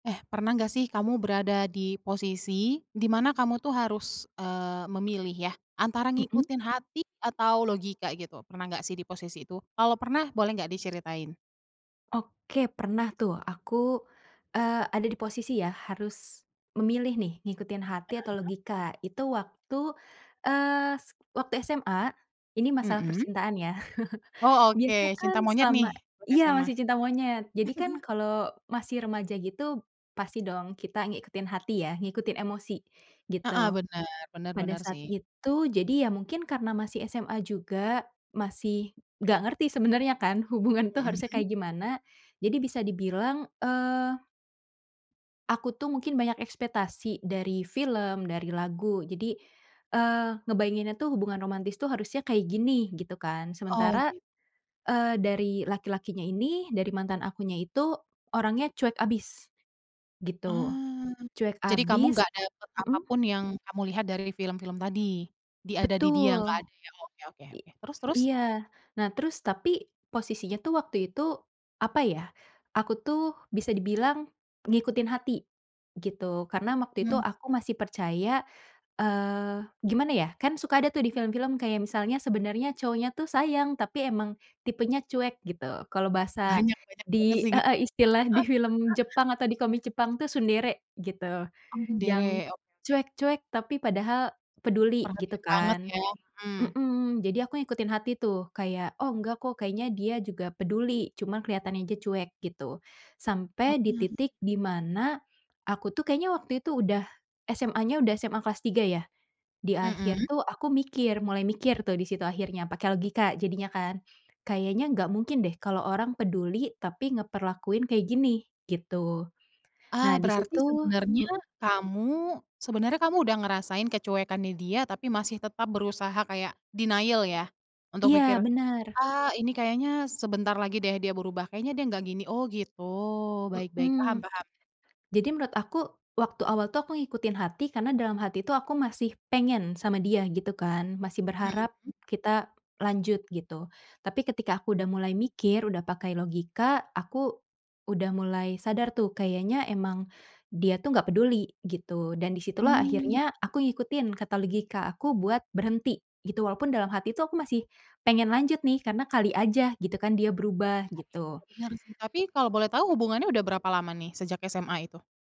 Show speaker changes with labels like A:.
A: Eh, pernah enggak sih kamu berada di posisi, di mana kamu tuh harus eee, memilih ya antara
B: Mmm.
A: ngikutin hati atau logika gitu, pernah enggak sih di posisi itu? Kalau pernah, boleh enggak diceritain?
B: Oke, pernah tuh. Aku eee, ada di posisi ya, harus memilih nih, ngikutin hati atau
A: Heeh.
B: logika itu waktu eee, s waktu SMA, ini masalah
A: Mmm.
B: percintaan ya.
A: Oh, oke
B: Biasanya
A: cinta
B: kan,
A: monyet
B: selama
A: nih, waktu
B: iya
A: SMA.
B: masih cinta monyet. Jadi, kan kalo masih remaja gitu, pasti dong kita ngikutin hati ya, ngikutin emosi,
A: Heeh,
B: gitu.
A: bener, bener
B: Pada
A: bener
B: saat
A: sih.
B: itu, jadi ya mungkin karena masih SMA juga masih enggak ngerti sebenernya kan, hubungan tuh
A: Mmm,
B: harusnya
A: hmm.
B: kayak gimana, jadi bisa dibilang eee aku tuh mungkin banyak ekspektasi dari film, dari lagu jadi, eee, ngebayanginnya tuh hubungan romantis tuh, harusnya kayak gini gitu kan.
A: Oh
B: Sementara,
A: gi
B: eee, dari laki-lakinya ini, dari mantan akunya itu, orangnya cuek abis, gitu.
A: Ah,
B: Cuek
A: jadi kamu
B: abis
A: enggak dapet
B: mhm.
A: apapun, yang kamu lihat dari film film tadi? Di ada di dia, enggak
B: Betul.
A: ada ya. Oke, oke,
B: I
A: oke. Terus terus?
B: iya, nah, terus tapi posisinya tuh waktu itu, apa ya. Aku tuh, bisa dibilang ngikutin hati, gitu. Karena, waktu
A: Mmm,
B: itu
A: hmm.
B: aku masih percaya. Eee, gimana ya, kan suka ada tuh di film-film, kayak misalnya sebenernya cowoknya tuh sayang, tapi emang tipenya cuek gitu, kalo bahasa
A: Banyak, banyak banget
B: di
A: sih.
B: heeh, istilah di film Jepang atau di komik Jepang tuh tsundere gitu.
A: Oh, [unintelligible]
B: Yang
A: oke, oke.
B: cuek, cuek tapi padahal peduli, gitu
A: Perhatian banget
B: kan
A: ya mmm.
B: mmm, jadi aku ngikutin hati tuh, kayak oh enggak kok, kayaknya dia juga peduli, cuma keliatannya aja cuek, gitu. Sampai di
A: Heeh.
B: titik dimana, aku tuh kayaknya waktu itu udah SMA nya udah SMA kelas 3 ya. Di akhir
A: Mmm.
B: tuh aku mikir, mulai mikir tuh disitu akhirnya pake logika jadinya kan. Kayaknya enggak mungkin deh kalo orang peduli tapi ngeperlakuin kayak gini, gitu.
A: Ah,
B: Nah,
A: berarti
B: disitu
A: sebenarnya
B: mmm.
A: kamu sebenarnya kamu, udah ngerasain kecuekannya dia, tapi masih tetap berusaha kayak denial ya untuk mikir,
B: Iya, bener.
A: "Ah ini kayaknya sebentar lagi deh dia berubah kayaknya dia enggak gini". Oh gitu, baik baik paham
B: Hmm.
A: paham.
B: Jadi, menurut aku waktu awal tuh, aku ngikutin hati karena dalam hati tuh aku masih pengen sama dia gitu, kan. Masih berharap,
A: Mhm.
B: kita lanjut gitu. Tapi, ketika aku udah mulai mikir, udah pakai logika, aku, udah mulai sadar tuh, kayaknya emang, dia tuh enggak peduli gitu dan di situlah
A: Mmm.
B: akhirnya, aku ngikutin kata logika aku buat berhenti, gitu walaupun dalam hati tuh aku masih, pengen lanjut nih karena kali aja, gitu kan dia berubah, gitu.
A: [unintelligible] Bener sih, tapi kalau boleh tahu hubungannya udah berapa lama nih, sejak SMA itu?